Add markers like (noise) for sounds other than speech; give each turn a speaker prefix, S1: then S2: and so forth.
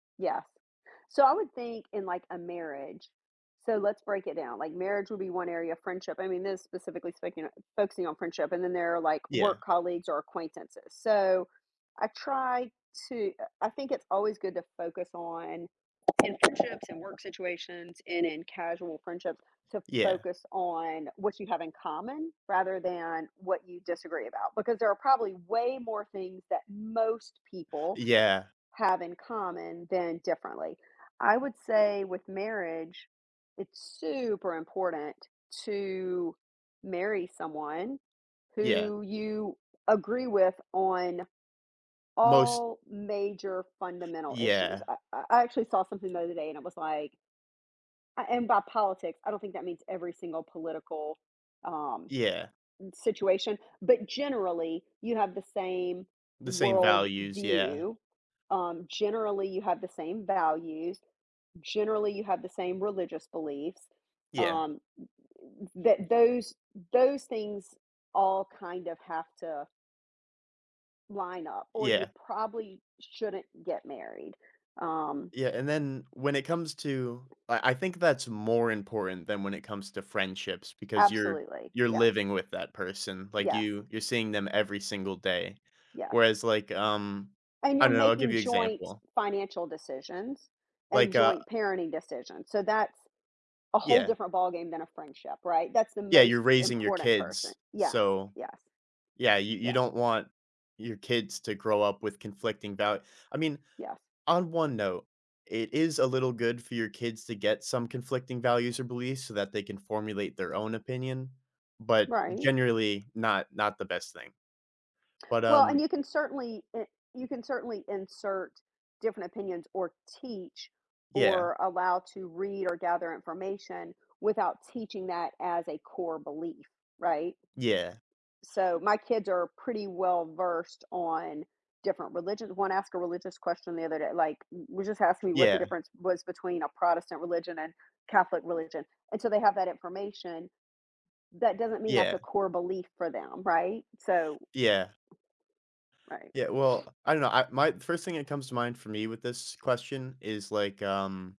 S1: Yes. So, I would think in like a marriage So, let's break it down, like marriage would be 1 area of friendship, I mean, specifically speaking focusing on friendship and then there are like
S2: Yeah.
S1: work colleagues or acquaintances. So, I try to uh, I think it's always good to focus on in friendships and work situations and in casual friendships to
S2: Yeah.
S1: focus on what you have in common rather than what you disagree about, because there are probably way more things that most people
S2: Yeah.
S1: have in common than differently. I would say with marriage, it's super important to marry someone
S2: Yeah.
S1: who you agree with on
S2: Most
S1: all major fundamental issues,
S2: Yeah.
S1: I I I actually saw something the other day and it was like A and by politics, I don't think that means every single political, um,
S2: Yeah.
S1: m situation, but generally you have the same
S2: The same
S1: world
S2: values. Yeah.
S1: view. Um, generally you have the same values. Generally you have the same religious beliefs.
S2: Yeah.
S1: Um, t t that those those things all kind of have to line up or you
S2: Yeah.
S1: probably shouldn't get married. Um
S2: Yeah, and then when it comes to I I think that's more important than when it comes to friendships because you're
S1: Absolutely.
S2: you're
S1: Yes.
S2: living with that person. Like,
S1: Yes.
S2: you you're seeing them every single day.
S1: Yes.
S2: Whereas, like, um,
S1: And
S2: I
S1: you're
S2: don't know, I'll give
S1: making
S2: you
S1: joint
S2: example.
S1: financial decisions and
S2: Like, uh
S1: joint parenting decisions. So, that's a whole
S2: Yeah.
S1: different ballgame than a friendship, right? That's the
S2: Yeah, you're
S1: most
S2: raising your
S1: important person.
S2: kids.
S1: Yes.
S2: So,
S1: Yes.
S2: yeah, you you
S1: Yes.
S2: don't want your kids to grow up with conflicting doubt I mean,
S1: Yes.
S2: on one note, it is a little good for your kids to get some conflicting values or beliefs so, that they can formulate their own opinion, but
S1: Right.
S2: generally not not the best thing. But,
S1: Well, and
S2: um
S1: you can certainly i you can certainly insert different opinions or teach
S2: Yeah.
S1: or allow to read or gather information without teaching that as a core belief right?
S2: Yeah.
S1: so my kids are pretty well versed on different religions one asked a religious question the other day, like, w was just asking me what the
S2: Yeah.
S1: difference was between a Protestant religion and Catholic religion. And so they have that information. That doesn't mean that's a
S2: Yeah.
S1: core belief for them right? So
S2: Yeah.
S1: Right.
S2: Yeah,
S1: (sniffs)
S2: well, I don't know, I my the 1st thing that comes to mind for me with this question is, like, um